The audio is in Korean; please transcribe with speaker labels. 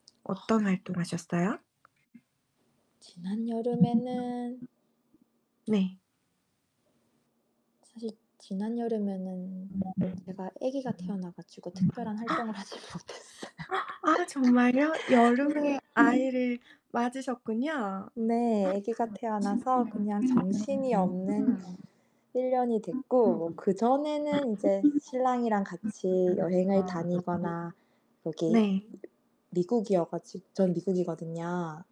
Speaker 1: 어떤 활동 하셨어요?
Speaker 2: 지난 여름에는
Speaker 1: [unintelligible] 네.
Speaker 2: 사실 지난 여름에는
Speaker 1: 아 네.
Speaker 2: 제가 애기가 태어나 가지고 특별한
Speaker 1: 아. 아.
Speaker 2: 활동을 하질 못했어요. 네.
Speaker 1: 아 정말요? 여름에 아이를 맞으셨군요.
Speaker 2: 네. 애기가 태어나서 그냥 정신이 없는
Speaker 1: [unintelligible]
Speaker 2: 1 년이 됐고 뭐 그전에는 이제 신랑이랑 같이 여행을
Speaker 1: [unintelligible]
Speaker 2: 다니거나 여기
Speaker 1: 네.
Speaker 2: 미국이어 가지 전 미국이거든요.